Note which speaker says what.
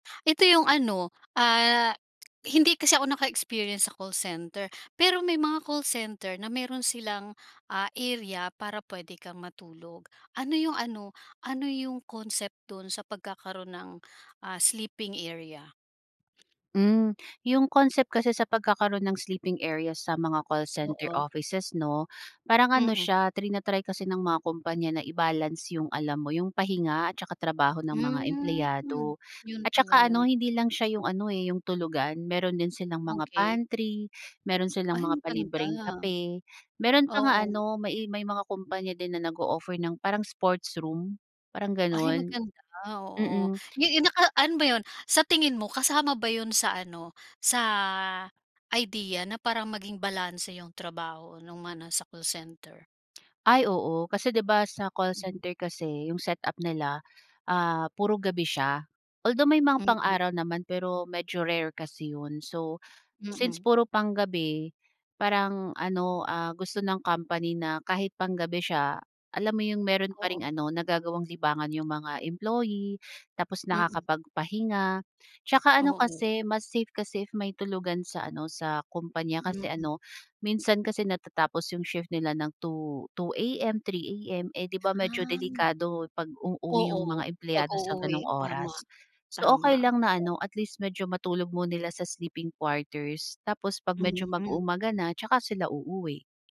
Speaker 1: Ito 'yong ano, ah, hindi kasi ako naka-experience sa call center, pero may mga call center na meron silang, ah, area para puwede kang matulog. Ano 'yong ano, ano 'yong concept do'n sa pagkakaroon ng, ah, sleeping area?
Speaker 2: Hmm. 'Yong concept kasi sa pagkakaroon ng sleeping areas sa mga call center
Speaker 1: Oo.
Speaker 2: offices, 'no, parang ano
Speaker 1: Mm.
Speaker 2: siya, trina-try kasi ng mga kumpanya na i-balance 'yong alam mo 'yong pahinga at saka trabaho ng mga
Speaker 1: Hmm.
Speaker 2: empleyado.
Speaker 1: 'Yon
Speaker 2: At
Speaker 1: pala
Speaker 2: saka ano,
Speaker 1: 'yon.
Speaker 2: hindi lang siya 'yong ano, eh, 'yong tulugan meron din silang mga
Speaker 1: Okay.
Speaker 2: pantry, meron silang
Speaker 1: Ay
Speaker 2: mga
Speaker 1: maganda.
Speaker 2: palibreng kape, meron pa nga
Speaker 1: Oo.
Speaker 2: ano, may i may mga kumpanya din na nag-o-offer ng parang sports room, parang
Speaker 1: Ay
Speaker 2: gano'n.
Speaker 1: maganda, oo.
Speaker 2: Mm.
Speaker 1: 'Yo 'yon naka ano ba 'yon, sa tingin mo kasama ba 'yon sa ano, sa idea na parang maging balanse 'yong trabaho no'ng mga nasa call center?
Speaker 2: Ay oo. Kasi, 'di ba, sa call
Speaker 1: Mhm.
Speaker 2: center kasi, 'yong setup nila, ah, puro gabi siya, although may mga
Speaker 1: Mm.
Speaker 2: pang-araw naman, pero medyo rare kasi 'yon. So, since
Speaker 1: Mm.
Speaker 2: puro pang-gabi, parang ano, ah, gusto ng company na kahit pang-gabi siya, alam mo 'yong meron pa
Speaker 1: Oo.
Speaker 2: ring ano, nagagawang libangan 'yong mga employee. Tapos
Speaker 1: Mm.
Speaker 2: nakakapagpahinga, 'tsaka ano
Speaker 1: Oo.
Speaker 2: kasi, mas safe kasi if may tulugan sa ano, sa kumpanya kasi
Speaker 1: Mm.
Speaker 2: ano, minsan kasi natatapos 'yong shift nila ng 2, 2:00 AM, 3:00 AM, eh, 'di ba, medyo
Speaker 1: Ah.
Speaker 2: delikado pag-uuwi 'yong mga
Speaker 1: Oo,
Speaker 2: empleyado sa gano'ng
Speaker 1: pag-uuwi. Tama,
Speaker 2: oras. So, okay
Speaker 1: tama.
Speaker 2: lang na
Speaker 1: Na
Speaker 2: ano, at least medyo matulog mu nila sa sleeping quarters, tapos 'pag medyo
Speaker 1: Mm.
Speaker 2: mag-uumaga na 'tsaka sila uuwi.